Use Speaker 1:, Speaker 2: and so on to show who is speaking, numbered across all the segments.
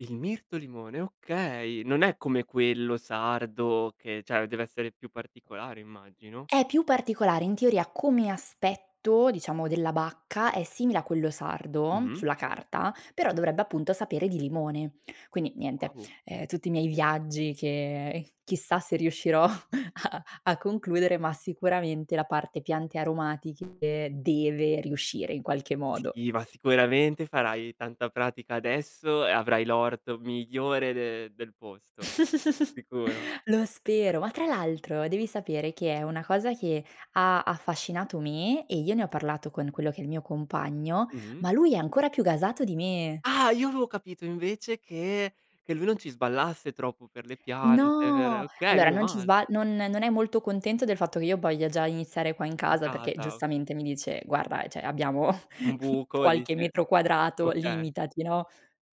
Speaker 1: Il mirto limone, okay, non è come quello sardo che cioè, deve essere più particolare immagino.
Speaker 2: È più particolare, in teoria come aspetto, diciamo della bacca, è simile a quello sardo,
Speaker 1: Mh-mh.
Speaker 2: sulla carta, però dovrebbe appunto sapere di limone. Quindi niente,
Speaker 1: Wow!
Speaker 2: ehm tutti i miei viaggi che
Speaker 1: Eh.
Speaker 2: chissà se riuscirò a a concludere, ma sicuramente la parte piante aromatiche deve riuscire in qualche modo.
Speaker 1: Si, ma sicuramente farai tanta pratica adesso e avrai l'orto migliore de del posto. Sicuro.
Speaker 2: Lo spero, ma tra l'altro devi sapere che è una cosa che ha affascinato me e io ne ho parlato con quello che è il mio compagno,
Speaker 1: Mh-mh.
Speaker 2: ma lui è ancora più gasato di me.
Speaker 1: Ah! Io avevo capito invece che che lui non ci sballasse troppo per le piante per
Speaker 2: No!
Speaker 1: okay,
Speaker 2: Allora
Speaker 1: meno
Speaker 2: non ci
Speaker 1: mal
Speaker 2: sba non non è molto contento del fatto che io voglia già iniziare qua in
Speaker 1: In
Speaker 2: casa perché
Speaker 1: casa.
Speaker 2: giustamente mi dice: "Guarda, cioè, abbiamo
Speaker 1: Un buco
Speaker 2: qualche
Speaker 1: dici
Speaker 2: metro quadrato,
Speaker 1: okay.
Speaker 2: limitati, no?"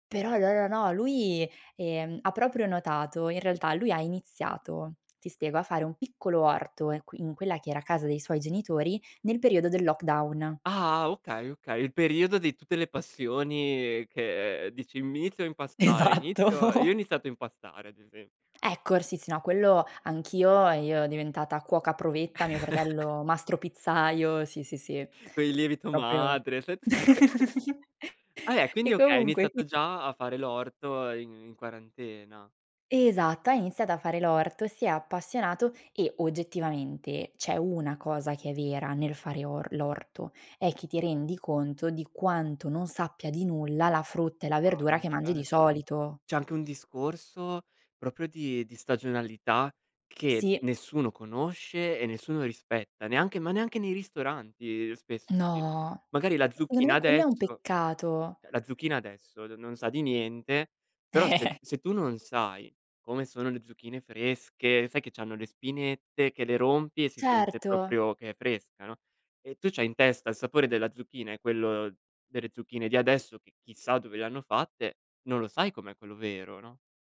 Speaker 2: Però no, no, no lui, ehm, ha proprio notato in realtà lui ha iniziato, ti spiego, a fare un piccolo orto in qui in quella che era casa dei suoi genitori nel periodo del lockdown.
Speaker 1: Ah! Okay, okay, il periodo di tutte le passioni, che dici m inizio a impastare, inizio io ho
Speaker 2: Esatto.
Speaker 1: iniziato a impastare ad esempio.
Speaker 2: Ecco, r sì, sì, no quello anch'io e io diventata cuoca provetta, mio fratello mastro pizzaiolo, sì, sì, sì,
Speaker 1: Con il lievito
Speaker 2: proprio
Speaker 1: madre, [unintelligible] Eh! Quindi
Speaker 2: e
Speaker 1: okay,
Speaker 2: comunque [unintelligible]
Speaker 1: iniziato già a fare l'orto in in quarantena.
Speaker 2: Esatto, ha iniziato a fare l'orto, si è appassionato e oggettivamente c'è una cosa che è vera nel fare or l'orto, è che ti rendi conto di quanto non sappia di nulla la frutta e la
Speaker 1: Ah
Speaker 2: verdura
Speaker 1: beh
Speaker 2: che mangi di
Speaker 1: cer
Speaker 2: solito.
Speaker 1: cioè, anche un discorso proprio di di stagionalità che
Speaker 2: Sì.
Speaker 1: nessuno conosce e nessuno rispetta, neanche ma neanche nei ristoranti spesso ci
Speaker 2: No!
Speaker 1: magari la
Speaker 2: E secondo
Speaker 1: zucchina
Speaker 2: me quello è un
Speaker 1: adesso
Speaker 2: peccato.
Speaker 1: eh, la zucchina adesso n non sa di niente, però se se tu non sai come sono le zucchine fresche, sai che c'hanno le spinette che le rompi e si sente
Speaker 2: Certo.
Speaker 1: proprio che è fresca, no, e tu c'hai in testa il sapore della zucchina e quello delle zucchine di adesso che chissà dove le hanno fatte, non lo sai com'è quello vero, no?